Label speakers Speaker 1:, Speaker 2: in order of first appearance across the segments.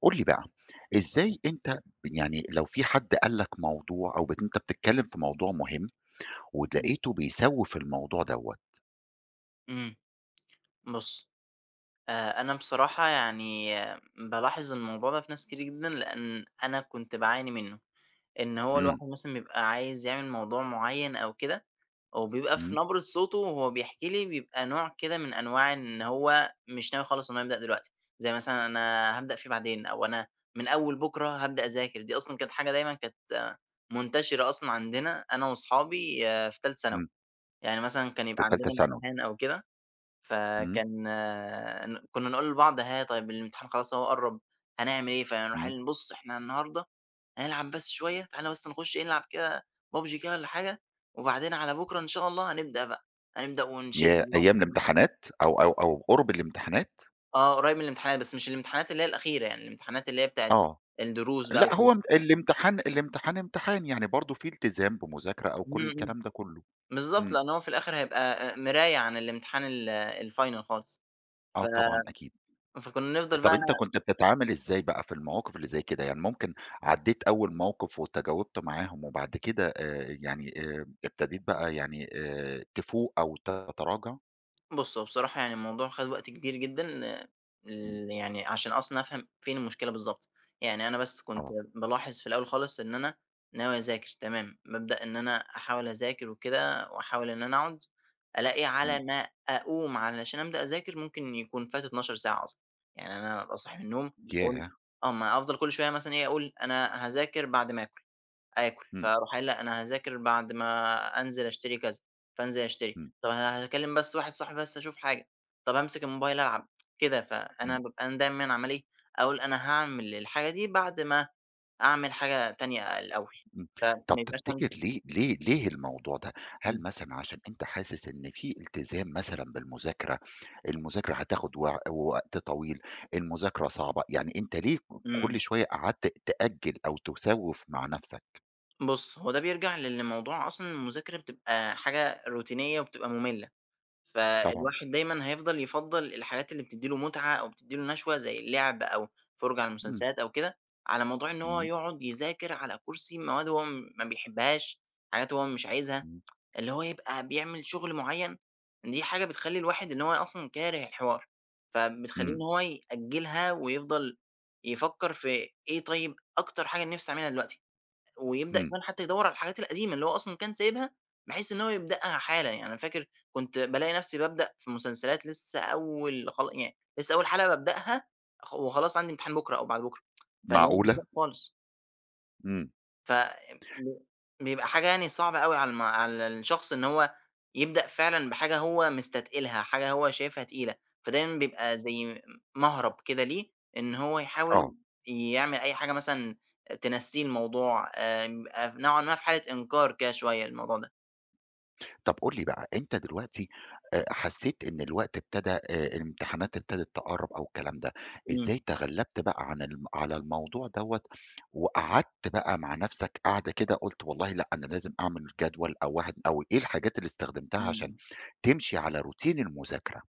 Speaker 1: قُل لي بقى، إزاي أنت يعني لو في حد قال لك موضوع أو بت أنت بتتكلم في موضوع مهم،
Speaker 2: إمم.
Speaker 1: ولقيته بيسوف الموضوع دوّة.
Speaker 2: إمم، بُصّ، أ أنا بصراحة يعني بالاحظ الموضوع ده في ناس كتير جدًا، لأن أنا كنت باعاني منّه، إن هو
Speaker 1: إمم.
Speaker 2: الواحد مثلًا بيبقى عايز يعمل موضوع معيّن أو كده، وبيبقى في
Speaker 1: إمم.
Speaker 2: نبرة صوته وهو بيحكي لي بيبقى نوع كده من أنواع إن هو مش ناوي خالص إن هو يبدأ دلوقتي، زي مثلًا أنا هابدأ فيه بعدين، أو أنا من أوّل بكرة هابدأ أذاكر. دي أصلًا كانت حاجة دايمًا كانت منتشرة أصلًا عندنا أنا وأصحابي في تالتة ثانوي،
Speaker 1: إمم.
Speaker 2: يعني مثلًا كان
Speaker 1: في
Speaker 2: يبقى
Speaker 1: تالتة
Speaker 2: عندنا
Speaker 1: ثانوي.
Speaker 2: امتحان أو كده،
Speaker 1: إمم.
Speaker 2: فكان ن كنّا نقول لبعض: ها طيّب، الامتحان خلاص أهو قرب، هنعمل إيه؟ فهنر
Speaker 1: إمم.
Speaker 2: [unintelligible] بُصّ، إحنا النهارده هنلعب بس شويّة، تعالَ بس نخش إيه نلعب كده PUBG كده والّا حاجة، وبعدين على بكرة إن شاء الله هنبدأ بقى، هنبدأ ونشد
Speaker 1: ياه!
Speaker 2: اليوم.
Speaker 1: أيّام
Speaker 2: [unintelligible]
Speaker 1: الامتحانات، أو أو أو قرب الامتحانات؟!
Speaker 2: آه قريب من الامتحانات، بس مش الامتحانات اللي هي الأخيرة يعني الامتحانات اللي هي بتاعة
Speaker 1: آه،
Speaker 2: الدروس بقى
Speaker 1: لأ،
Speaker 2: و
Speaker 1: هو
Speaker 2: كده.
Speaker 1: ام الامتحان الامتحان امتحان، يعني برضو في التزام بمذاكرة أو كل
Speaker 2: إمم، إمم،
Speaker 1: الكلام ده كلّه.
Speaker 2: بالضبط
Speaker 1: إمم.
Speaker 2: لأنّ هو في الآخر هيبقى آآ مراية عن الامتحان ال الfinal خالص،
Speaker 1: آه
Speaker 2: ف
Speaker 1: طبعًا، أكيد.
Speaker 2: فكنا نفضل
Speaker 1: طب
Speaker 2: بقى
Speaker 1: أنت كنت بتتعامل إزاي بقى في المواقف اللي زي كده؟ يعني ممكن عدِّيت أوّل موقف وتجاوبت معاهم، وبعد كده آآ، يعني آآ، ابتديت بقى يعني آآ، تفوق أو تتراجع؟
Speaker 2: بُص هو بصراحة يعني الموضوع خَد وقت كبير جدًا،
Speaker 1: إمم.
Speaker 2: ال يعني عشان أصلًا أفهم فين المشكلة بالضبط. يعني أنا بس كنت
Speaker 1: آه.
Speaker 2: بالاحظ في الأول خالص، إن أنا ناوي أذاكر تمام، بابدأ إن أنا أحاول أذاكر وكده وأحاول إن أنا أقعد، ألاقي على
Speaker 1: إمم.
Speaker 2: ما أقوم علشان أبدأ أذاكر ممكن يكون فات 12 ساعة أصلًا. يعني أنا أبقي صاحي من النوم أقول
Speaker 1: ياه!
Speaker 2: آه ما أفضل كل شوية مثلًا إيه، أقول أنا هاذاكر بعد ما آكل، آكل
Speaker 1: إمم.
Speaker 2: فاروح قايل لأ، أنا هاذاكر بعد ما أنزل أشتري كذا، فانزل أشتري،
Speaker 1: إمم.
Speaker 2: طَب أنا هاكلِّم بس واحد صاحبي بس أشوف حاجة، طَب أمسك الموبايل ألعب. كده فأنا
Speaker 1: إمم.
Speaker 2: بابقى أنا دايمًا عمّال إيه، أقول أنا هاعمل الحاجة دي بعد ما أعمل حاجة تانية الأول،
Speaker 1: إمم
Speaker 2: فما
Speaker 1: طَب
Speaker 2: يبقاش
Speaker 1: تفتكر
Speaker 2: عندي
Speaker 1: ليه ليه ليه الموضوع ده؟ هل
Speaker 2: إمم.
Speaker 1: مثلًا عشان أنت حاسس إن في التزام مثلًا بالمذاكرة، المذاكرة هتاخد وع وقت طويل، المذاكرة صعبة، يعني أنت ليه ك كل
Speaker 2: إمم.
Speaker 1: شوية قعدت تأجّل أو تُسوِّف مع نفسك؟
Speaker 2: بُص هو ده بيرجَع لإن موضوع أصلًا المذاكرة بتبقى حاجة روتينية وبتبقى مملة،
Speaker 1: طبعًا.
Speaker 2: فالواحد دايمًا هيفضَل يفضَّل الحاجات اللي بتدّي له متعة أو بتدّي له نشوة، زي اللعب أو فُرجَة على
Speaker 1: إمم.
Speaker 2: المسلسلات أو كده، على موضوع إن هو
Speaker 1: إمم.
Speaker 2: يقعد يذاكر على كُرسي مواد هو ما بيحبهاش، حاجات هو مش عايزها.
Speaker 1: إمم.
Speaker 2: اللي هو يبقى بيعمل شُغل معيّن، دي حاجة بتخلّي الواحد إن هو أصلًا كاره الحوار، فبتخلّيه إن
Speaker 1: إمم.
Speaker 2: هو يأجلها، ويفضَل يفكّر في إيه طيّب أكتر حاجة نِفسي أعملها دلوقتي، ويبدأ
Speaker 1: إمم.
Speaker 2: كمان حتّى يدور على الحاجات القديمة اللي هو أصلًا كان سايبها، بحيث إن هو يبدأها حالًا، يعني أنا فاكر كنت بالاقي نفسي بابدأ في مسلسلات لسّة أول خلا يعني لسّة أول حلقة بابدأها خ وخلاص عندي امتحان بُكرة أو بعد بُكرة، فاللي هو مش
Speaker 1: معقولة!
Speaker 2: وقته خالص.
Speaker 1: إمم.
Speaker 2: ف ب بيبقى حاجة يعني صعبة أوي على الم على الشخص إن هو يبدأ فعلًا بحاجة هو مستتقِلها، حاجة هو شايفها تقيلة، فدايمًا بيبقى زي م مهْرَب كده ليه إن هو يحاول
Speaker 1: آه.
Speaker 2: يعمل أي حاجة مثلًا تنسّيه الموضوع. آمم، آآ نوعًا ما في حالة إنكار كده شوية الموضوع ده.
Speaker 1: طب قُل لي بقى، أنت دلوقتي أ حسّيت إن الوقت ابتدى آآ الامتحانات ابتدت تقرّب أو الكلام ده،
Speaker 2: إمم.
Speaker 1: إزاي تغلّبت بقى عن ال على الموضوع دوّة، وقعدت بقى مع نفسك قعدة كده قُلت والله لأ أنا لازم أعمل جدول أو واحد أو إيه الحاجات اللي استخدمتها
Speaker 2: إمم،
Speaker 1: عشان
Speaker 2: امم.
Speaker 1: تمشي على روتين المذاكرة؟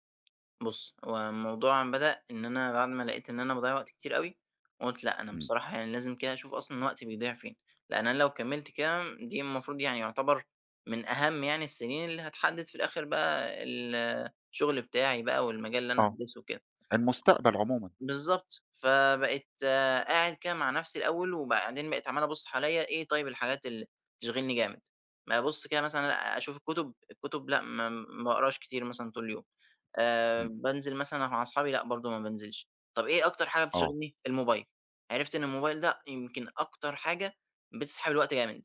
Speaker 2: بُصّ، هو الموضوع بدأ إن أنا بعد ما لقيت إن أنا باضيّع وقت كتير أوي، قُلت لأ أنا
Speaker 1: إمم.
Speaker 2: بصراحة يعني لازم كده اشوف أصلًا وقتي بيضِيع فين، لأن أنا لو كمّلت كده، دي المفروض يعني يُعتبر من أهم يعني السنين اللي هتحدد في الآخر بقى الشُغل بتاعي بقى والمجال اللي أنا
Speaker 1: آه،
Speaker 2: هادْرِسه وكده.
Speaker 1: المستقبل عمومًا.
Speaker 2: بالضبط، فبقيت قاعد كده مع نفسي الأول، وبعدين بقيت عمّال أبُصّ حواليَّ: إيه طيب الحاجات اللي بتشغِلْني جامد؟ ما أبُصّ كده مثلًا الاق أشوف الكُتب، الكُتب لأ ما ما باقراش كتير مثلًا طول اليوم. آآ
Speaker 1: إمم.
Speaker 2: بانزل مثلًا مع أصحابي؟ لأ برضو ما بانزلش. طب إيه أكتر حاجة
Speaker 1: آه.
Speaker 2: بتشغِلْني؟ الموبايل. عرِفت إن الموبايل ده يمكن أكتر حاجة بتسحَب الوقت جامد.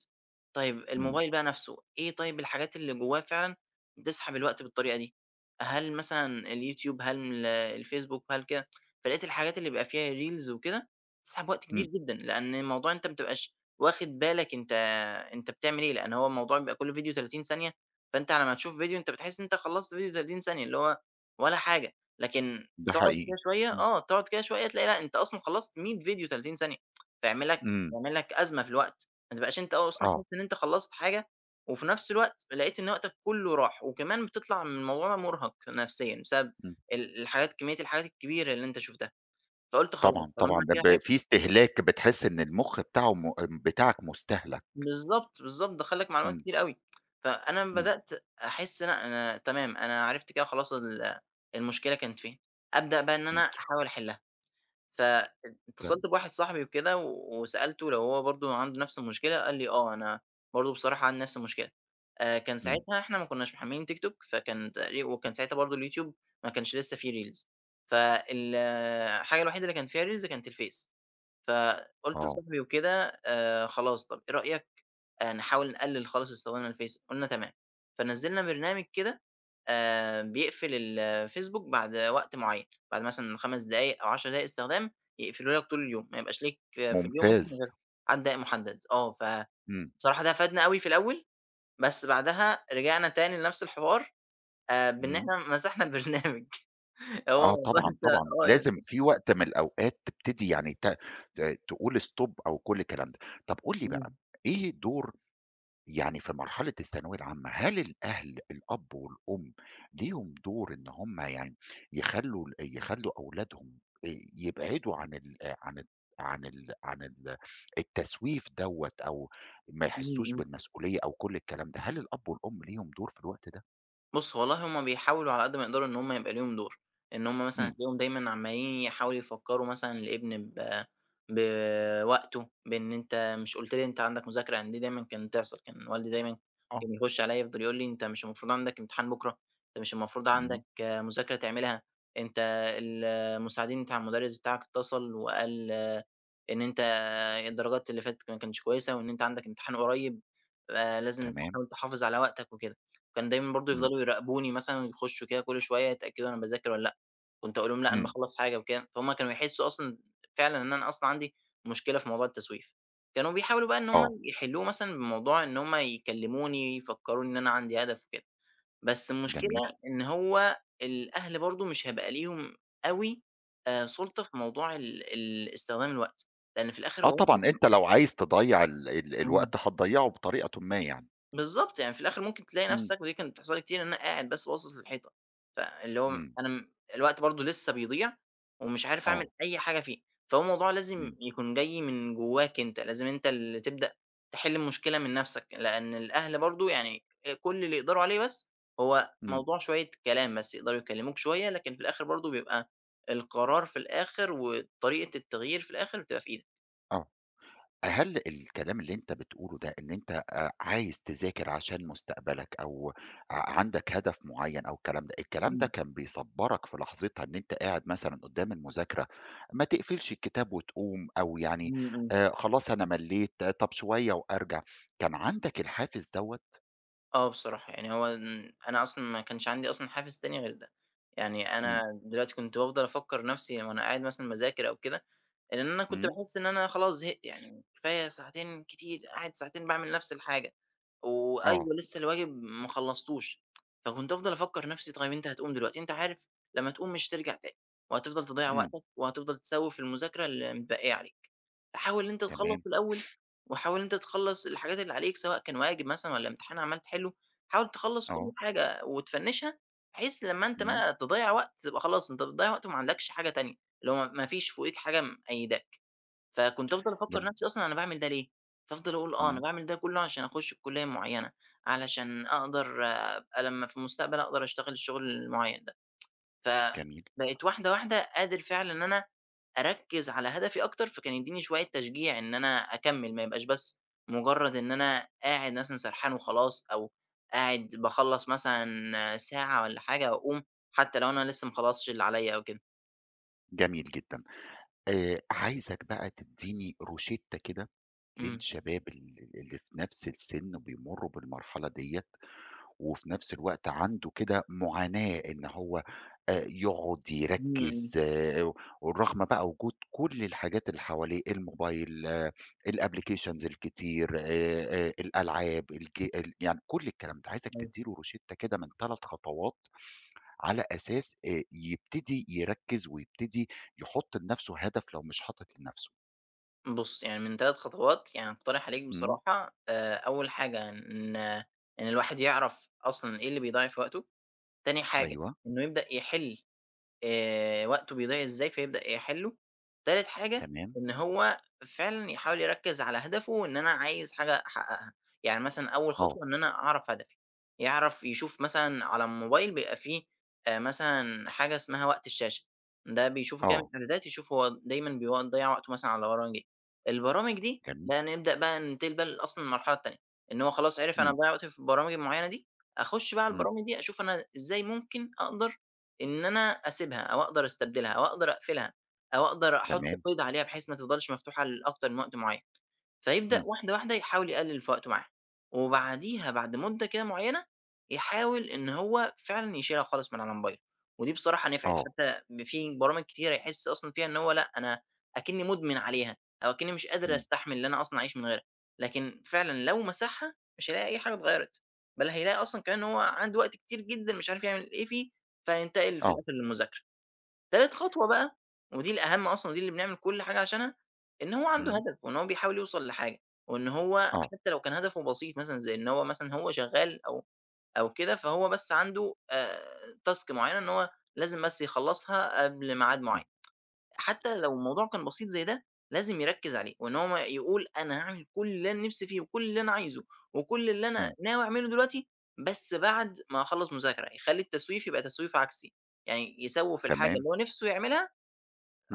Speaker 2: طيب
Speaker 1: إمم.
Speaker 2: الموبايل بقى نفسه، إيه طيب الحاجات اللي جوّاه فعلًا بتسحَب الوقت بالطريقة دي؟ هل مثلًا اليوتيوب؟ هل من ال الفيسبوك؟ هل كده، فلقيت الحاجات اللي بيبقى فيها ريلز وكده بتسحَب وقت كبير
Speaker 1: إمم.
Speaker 2: جدًا، لأن الموضوع إن أنت ما تبقاش واخد بالك أنت أنت بتعمل إيه، لأن هو الموضوع بيبقى كل فيديو 30 ثانية، فأنت على ما تشوف فيديو أنت بتحِس إن أنت خلّصت فيديو 30 ثانية، اللي هو ولا حاجة. لكن
Speaker 1: ده
Speaker 2: تقعد
Speaker 1: حقيقي،
Speaker 2: كده شوية،
Speaker 1: إمم.
Speaker 2: آه، تقعد كده شوية، تلاقي لأ أنت أصلًا خلّصت 100 فيديو 30 ثانية، فيعمل لك
Speaker 1: إمم.
Speaker 2: يعمل لك أزمة في الوقت، ما تبقاش أنت آه أصلًا
Speaker 1: آه.
Speaker 2: حاسس إن أنت خلّصت حاجة، وفي نفس الوقت لقيت إن وقتك كله راح، وكمان بتطْلَع من الموضوع مُرهَق نفسيًا بسبب
Speaker 1: إمم.
Speaker 2: ال الحاجات، كمية الحاجات الكبيرة اللي أنت شُفتها، فقُلت خلاص
Speaker 1: طبعًا،
Speaker 2: طالما
Speaker 1: طبعًا،
Speaker 2: أنا
Speaker 1: ب
Speaker 2: كده
Speaker 1: ب
Speaker 2: عرفت
Speaker 1: في استهلاك بتحِس إن المُخ بتاعه مو أ بتاعك مستهلَك.
Speaker 2: بالضبط، بالضبط، دخّل لك معلومات
Speaker 1: إمم.
Speaker 2: كتيرة أوي، فأنا أما
Speaker 1: إمم.
Speaker 2: بدأت أحس إن أنا أنا تمام، أنا عرِفت كده خلاص ال المشكلة كانت فين، أبدأ بقى إن
Speaker 1: إمم.
Speaker 2: أنا أحاول أحلّها،
Speaker 1: تمام.
Speaker 2: فاتصلت بواحد صاحبي وكده وسألته لو هو برضو عنده نفس المشكلة، قال لي آه أنا برضو بصراحة عندي نفس المشكلة. آآ، كان
Speaker 1: إمم.
Speaker 2: ساعتها إحنا ما كناش محملين تيك توك، فكان تقريب وكان ساعتها برضو اليوتيوب ما كانش لسه في ريلز، فالحاجة الوحيدة اللي كان فيها ريلز كانت الفيس. فقُلت
Speaker 1: آه.
Speaker 2: لصاحبي وكده: آآ، خلاص طب إيه رأيك آآ نحاول نقلل خالص استِخدامنا للفيس؟ قُلنا تمام، فنزّلنا برنامج كده آآ بيقْفل الفيسبوك بعد وقت معين، بعد مثلًا 5 دقايق أو 10 دقايق استخدام، يقفله لك طول اليوم، ما يبقاش ليك في اليوم ممكن
Speaker 1: ممتاز.
Speaker 2: غير عدد دقايق مُحدد. آه فبصراحة
Speaker 1: إمم.
Speaker 2: ده فادنا أوي في الأول، بس بعدها رجعنا تاني لنفس الحوار آآ بإن
Speaker 1: إمم.
Speaker 2: إحنا مسَحنا البرنامج، آه
Speaker 1: آه طبعًا،
Speaker 2: بانسى
Speaker 1: طبعًا،
Speaker 2: آه.
Speaker 1: لازم
Speaker 2: [unintelligible]
Speaker 1: في وقت من الأوقات تبتدي يعني ت ت تقول stop أو كل الكلام ده. طب قُل لي بقى
Speaker 2: إمم.
Speaker 1: إيه الدور يعني في مرحلة الثانوية العامة، هل الأهل- الأب والأم- ليهم دور إن همّ يعني يخلّوا ال يخلّوا أولادهم ي يبعدوا عن ال عن ال عن ال عن ال التسْويف دوّة، أو ما
Speaker 2: إمم،
Speaker 1: يحسوش
Speaker 2: إمم.
Speaker 1: بالمسؤولية أو كل الكلام ده؟ هل الأب والأم ليهم دُور في الوقت ده؟
Speaker 2: بُصّ والله، همّ بيحاولوا على قدّ ما يقدروا إن همّ يبقى ليهم دور، إن همّ مثلًا
Speaker 1: إمم.
Speaker 2: هتلاقيهم دايمًا عمّالين يحاولوا يفكروا مثلًا الابن ب بوقته، بإن أنت مش قلت لي أنت عندك مذاكرة؟ يعني دي دايمًا كانت تحصل، كان والدي دايمًا
Speaker 1: آه.
Speaker 2: كان يخش عليَّ يفضل يقول لي: أنت مش المفروض عندك امتحان بكرة؟ أنت مش المفروض
Speaker 1: إمم.
Speaker 2: عندك مذاكرة تعملها؟ أنت ال المساعدين بتاع المدرس بتاعك اتصل وقال إن أنت الدرجات اللي فاتت ك ما كانتش كويسة، وإن أنت عندك امتحان قريّب، آآ، لازم
Speaker 1: تمام.
Speaker 2: تحاول تحافظ على وقتك وكده. وكان دايمًا برضو
Speaker 1: إمم.
Speaker 2: يفضلوا يراقبوني مثلًا، يخشوا كده كل شوية يتأكدوا أنا باذاكر والّا لأ، كنت أقول لهم لأ أنا
Speaker 1: إمم.
Speaker 2: باخلّص حاجة وكده، فهمّ كانوا يحسوا أصلًا فعلًا إن أنا أصلًا عندي مشكلة في موضوع التسويف، كانوا بيحاولوا بقى إن همّ
Speaker 1: آه.
Speaker 2: يحلوه مثلًا بموضوع إن همّ يكلموني، يفكروني إن أنا عندي هدف وكده، بس المشكلة
Speaker 1: جميل.
Speaker 2: إن هو الأهل برضو مش هيبقى ليهم أوي آآ سُلطة في موضوع ال ال استخدام الوقت، لأن في الآخر.
Speaker 1: آه
Speaker 2: [unintelligible]
Speaker 1: طبعًا، أنت لو عايز تضيّع ال ال
Speaker 2: إمم.
Speaker 1: الوقت هتضيّعه بطريقةٌ ما يعني.
Speaker 2: بالضبط، يعني في الآخر ممكن تلاقي
Speaker 1: إمم.
Speaker 2: نفسك- ودي كانت بتحصل لي كتير- إن أنا قاعد بس باصص للحيطة، فاللي هو
Speaker 1: إمم.
Speaker 2: أنا الوقت برضو لسه بيضيع ومش عارف أعمل
Speaker 1: آه.
Speaker 2: أي حاجة فيه، فهو الموضوع لازم
Speaker 1: إمم.
Speaker 2: يكون جاي من جواك أنت، لازم أنت اللي تبدأ تحل المشكلة من نفسك، لأن الأهل برضو يعني كل اللي يقدروا عليه بس هو
Speaker 1: إمم.
Speaker 2: موضوع شوية كلام بس، يقدروا يكلموك شوية، لكن في الآخر برضو بيبقى القرار في الآخر وطريقة التغيير في الآخر بتبقى في إيدك.
Speaker 1: آه، هل الكلام اللي أنت بتقوله ده، إن أنت آآ، عايز تذاكر عشان مستقبلك أو عندك هدف معين أو الكلام ده، الكلام ده
Speaker 2: إمم.
Speaker 1: كان بيصبرك في لحظتها إن أنت قاعد مثلًا قدام المذاكرة، ما تقفلش الكتاب وتقوم، أو يعني
Speaker 2: امم، امم.
Speaker 1: آآ، خلاص أنا مَلّيت طب شوية وأرجع، كان عندك الحافز دوّة؟
Speaker 2: آه بصراحة، يعني هو أنا أصلًا ما كانش عندي أصلًا حافز تاني غير ده؛ يعني أنا
Speaker 1: امم.
Speaker 2: دلوقتي كنت بافضل أفكر نفسي وأنا قاعد مثلًا باذاكر أو كده، إن أنا كنت
Speaker 1: امم.
Speaker 2: باحس إن أنا خلاص زهقت، يعني كفاية ساعتين، كتير قاعد ساعتين باعمل نفس الحاجة.
Speaker 1: آه.
Speaker 2: وأيوه لسه الواجب ما خلصتوش، فكنت أفضل أفكر نفسي: طب أنت هتقوم دلوقتي، أنت عارف لما تقوم مش هترجع تاني، وهتفضل تضيّع
Speaker 1: امم.
Speaker 2: وقتك، وهتفضل تسوف في المذاكرة المتبقية عليك، فحاول إن أنت تخلص
Speaker 1: تمام.
Speaker 2: الأول، وحاول إن أنت تخلص الحاجات اللي عليك، سواء كان واجب مثلًا والّا امتحان عَمّال تحله، حاول تخلص كل
Speaker 1: آه.
Speaker 2: حاجة وتفنشها، بحيث لما أنت
Speaker 1: امم.
Speaker 2: بقى تضيّع وقت تبقى خلاص أنت بتضيع وقت وما عندكش حاجة تانية، اللي هو مافيش فوقيك حاجة مقيداك. فكنت أفضل أفكر
Speaker 1: جميل.
Speaker 2: نفسي أصلًا أنا باعمل ده ليه؟ فأفضل أقول آه، أنا
Speaker 1: امم.
Speaker 2: باعمل ده كله عشان أخش الكلية المعينة، علشان أقدر أبقى لما في المستقبل أقدر أشتغل الشغل المعين ده،
Speaker 1: جميل.
Speaker 2: فبقيت واحدة واحدة قادر فعلًا إن أنا أركز على هدفي أكتر، فكان يديني شوية تشجيع إن أنا أكمّل، ما يبقاش بس مجرد إن أنا قاعد مثلًا سرحان وخلاص، أو قاعد باخلّص مثلًا ساعة والّا حاجة، وأقوم حتى لو أنا لسه ما خلصتش اللي عليَّ أو كده.
Speaker 1: جميل جدًا. آآ، عايزك بقى تدّيني روشِتة كده
Speaker 2: إمم.
Speaker 1: للشباب ال ال اللي في نفس السن بيمروا بالمرحلة دِيَّة، و في نفس الوقت عنده كده، معاناة إن هو، آآ، يقعد
Speaker 2: امم،
Speaker 1: يركِّز
Speaker 2: امم.
Speaker 1: آآ، ورغم بقى وجود كل الحاجات اللي حواليه، الموبايل، الapplications الكتير آآ، الألعاب، الج يعني كل الكلام ده. عايزك
Speaker 2: أيوه.
Speaker 1: تدّيله روشِتة كده من تلت خطوات، على أساس آآ، يبتدي يركز ويبتدي يحط لنفسه هدف لو مش حاطط لنفسه.
Speaker 2: بُص، يعني من تلت خطوات، يعني أقترح عليك
Speaker 1: إمم.
Speaker 2: بصراحة، آآ، أوّل حاجة، إن إن الواحد يعرف أصلًا إيه اللي بيضيَّع في وقته. تاني حاجة
Speaker 1: أيوه.
Speaker 2: إنّه يبدأ يحل، آآ وقته بيضيع إزاي، فيبدأ يحلُّه. تالت حاجة،
Speaker 1: تمام.
Speaker 2: إن هو فعلًا يحاول يركِّز على هدفه، إن أنا عايز حاجة احققها. يعني مثلًا أوّل
Speaker 1: آه.
Speaker 2: خطوة، إن أنا أعرف هدفي. يعرف يشوف مثلًا على الموبايل بيبقى في، آآ، مثلًا حاجة اسمها وقت الشاشة، ده بيشوفه كده من
Speaker 1: آه.
Speaker 2: الإعدادات، يشوف هو، دايمًا بيضيع وقته مثلًا على برامج إيه. البرامج دي،
Speaker 1: جميل.
Speaker 2: بقى نبدأ بقى ننتقل أصلًا المرحلة التانية، إن هو خلاص عرِف أنا
Speaker 1: إمم.
Speaker 2: باضيَّع وقت في البرامج معيّنة دي. أخش بقى
Speaker 1: إمم.
Speaker 2: البرامج دي، أشوف أنا إزاي ممكن أقدر إن أنا أسيبها، أو أقدر أستبدلها، أو أقدر أقفلها، أو أقدر أحط
Speaker 1: تمام.
Speaker 2: قيد عليها، بحيث ما تِفضَلش مفتوحة لأكتر من وقت معيّن، فيبدأ
Speaker 1: إمم.
Speaker 2: واحدة، واحدة، يحاول يقلِّل في وقته معاها، وبعديها، بعد مُدَّة كده معيّنة، يحاول إن هو فعلًا يشيلها خالص من على موبايله. ودي بصراحة نفعِت،
Speaker 1: آه.
Speaker 2: حتى في برامج كتيرة يحس أصلًا فيها إن هو لأ، أكنِّي مُدمن عليها أو أكنِّي مش قادر
Speaker 1: إمم.
Speaker 2: أستحمل اللي أنا أصلًا أعيش من غيرها، لكن فعلًا لو مسحها، مش هيلاقي أي حاجة اتغيرت، بل هيلاقي أصلًا كمان أنه هو عنده وقت كتير جدًا، مش عارف يعمل إيه فيه، فيتقل في
Speaker 1: آه.
Speaker 2: الآخر للمذاكرة. تالت خطوة بقى، ودي الأهم أصلًا، دي اللي بنعمل كل حاجة عشانها، إن هو عنده
Speaker 1: إمم.
Speaker 2: هدف وإن هو بيحاول يوصل لحاجة، وإن هو
Speaker 1: آه.
Speaker 2: حتى لو كان هدفه بسيط، مثلًا زي إن هو مثلًا، هو شغّال أو أو كده، فهو بس عنده آآ، تاسك معيّنة، إن هو لازم بس يخلَّصها قبل ميعاد
Speaker 1: إمم.
Speaker 2: معيَّن. حتى لو الموضوع كان بسيط زي ده، لازم يركِّز عليه، وإن هو يقول أنا هاعمل كل اللي أنا نفسي فيه وكل اللي أنا عايزه وكل اللي أنا
Speaker 1: إمم.
Speaker 2: ناوي أعمله دلوقتي، بس بعد ما هاخلَّص مذاكرة. يخلّي التسويف يبقى تسويف عكسي، يعني يسوِّف الحاجة
Speaker 1: تمام.
Speaker 2: اللي هو نفسه يعملها،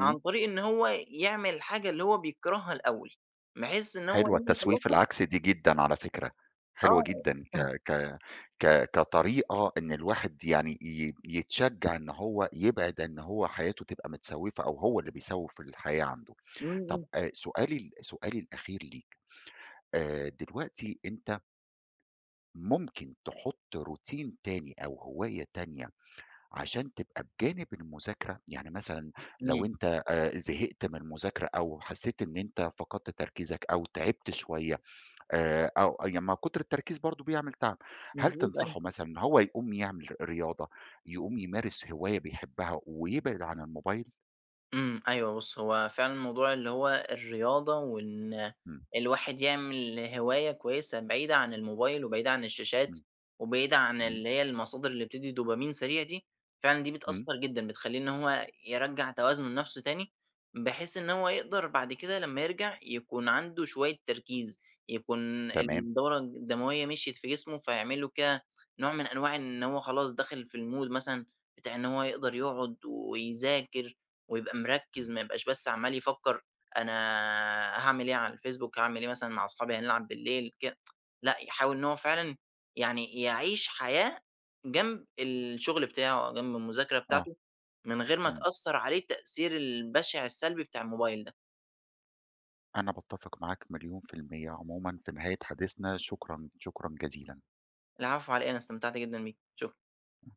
Speaker 2: عن طريق إن هو يعمل الحاجة اللي هو بيكرهها الأوّل، بحيث إن هو
Speaker 1: حلوة
Speaker 2: لمّا
Speaker 1: التسويف
Speaker 2: يخلصها
Speaker 1: العكسي دي جدًا على فكرة، حلوة
Speaker 2: آه
Speaker 1: جدًا، ك ك ك كطريقة إن الواحد يعني، ي يتشجَّع إن هو يبعد، إن هو حياته تبقى متسوِّفة، أو هو اللي بيسوِّف في الحياة عنده.
Speaker 2: إمم،
Speaker 1: طب
Speaker 2: إمم.
Speaker 1: أ سؤالي ال سؤالي الأخير ليك، آآ، دلوقتي أنت مُمكن تحُط روتين تاني أو هواية تانية، عشان تبقى بجانب المذاكرة. يعني مثلًا لو
Speaker 2: إمم.
Speaker 1: أنت زهقت من المذاكرة أو حسيت إن أنت فقدت تركيزك أو تعِبت شوية آآ أو ي ما كُتر التركيز برضه بيعمل تعب. هل
Speaker 2: مضبوط، أيوه.
Speaker 1: تنصحه مثلًا، إن هو يقوم يعمل رياضة، يقوم يمارس هواية بيحبها ويبعد عن الموبايل؟
Speaker 2: إمم، أيوه بُص، هو فعلًا الموضوع اللي هو الرياضة، وإن
Speaker 1: إمم.
Speaker 2: الواحد يعمل هواية كويسة بعيدة عن الموبايل، وبعيدة عن الشاشات،
Speaker 1: امم،
Speaker 2: وبعيدة عن
Speaker 1: إمم.
Speaker 2: اللي هي المصادر اللي بتدي دوبامين سريع دي، فعلًا دي
Speaker 1: امم.
Speaker 2: بتأثر جدًا، بتخلّيه إن هو يرجَّع توازنه لنفسه تاني، بحيث إن هو يقدر بعد كده لمّا يرجع يكون عنده شوية تركيز، يكون
Speaker 1: تمام.
Speaker 2: الدورة الدموية مشيت في جسمُه، فيعمل له كده نوع من أنواع إن هو خلاص داخل في المود مثلًا بتاع إن هو يقدر يقعد ويذاكر ويبقى مركِز،
Speaker 1: إمم.
Speaker 2: ما يبقاش بس عمال يفكر أنا هاعمل إيه على الFacebook، هاعمل إيه مثلًا مع صحابي هنلعب بالليل كده لأ، يحاول إن هو فعلًا يعني يعيش حياة جنب الشغل بتاعه أو جنب المذاكرة
Speaker 1: آه،
Speaker 2: بتاعته من غير ما
Speaker 1: إمم.
Speaker 2: تأثر عليه التأثير البشع السلبي بتاع الموبايل ده.
Speaker 1: أنا باتفق معاك مليون في المِيَّة. عمومًا في نهاية حديثنا شكرًا، شكرًا جزيلًا.
Speaker 2: العفو، علي إيه، أنا استمتعت جدًا بيك، شُكرًا.
Speaker 1: [unintelligible]